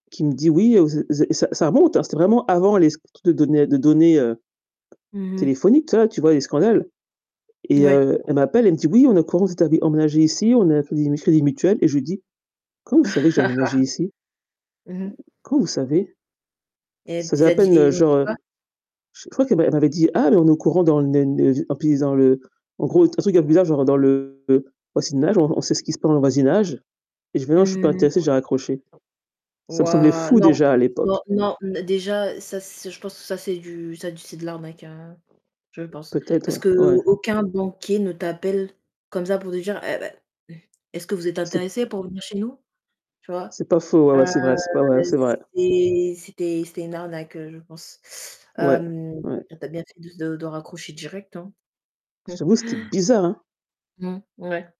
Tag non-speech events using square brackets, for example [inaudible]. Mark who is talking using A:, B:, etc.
A: Qui me dit: «Oui, heu, vous êtes vous êtes», ça ça remonte, hein, c'était vraiment avant les sc de données de données, heu,
B: Mmh mh.
A: téléphoniques, tu vois tu vois? Les scandales et
B: Ouais.
A: heu, elle m'appelle, elle me dit: «Oui, on est au courant que vous êtes arri emménagés ici, on a un Crédit Mu Crédit Mutuel» et je lui dis: «Comment vous savez que j'ai aménagé
B: [laughs]
A: ici?
B: Mmh mh.
A: Comment vous savez?»
B: Et elle
A: Ça faisait
B: z
A: à
B: a dit
A: peine,
B: et
A: heu,
B: ils ont dit
A: genre, heu,
B: quoi?
A: je crois qu'elle m'a elle m'avait dit: «Ah, mais on est au courant dans le ne ne» [unintelligible] en gros, t un truc un peu bizarre, genre, dans le voisinage, on on sait ce qui se passe dans le voisinage, et je dis: «Mais non, je suis pas
B: Mmh.
A: intéressée», j'ai raccroché. Ça me semblait
B: Waouh!
A: fou
B: Non,
A: déjà à
B: non,
A: l'époque.
B: non, n déjà, ça, c'est je pense, ça, c'est du ça d c'est de l'arnaque, heu, je pense.
A: Peut-être,
B: Parce
A: ouais, ouais.
B: qu'aucun banquier ne t'appelle comme ça, pour te dire: «Eh beh, est-ce que vous êtes
A: C'est p
B: intéressé pour venir chez nous?», tu vois?
A: c'est pas faux, ouais, ouais,
B: heu,
A: c'est vrai, c ouais, ouais, c'est vrai.
B: c'est c'était c'était une arnaque, heu, je pense,
A: Ouais,
B: hem,
A: ouais.
B: t tu as bien fait de de raccrocher direct, hein.
A: Je
B: [chuckles]
A: t'avoue, c'était bizarre, hein.
B: Mmh. Ouais.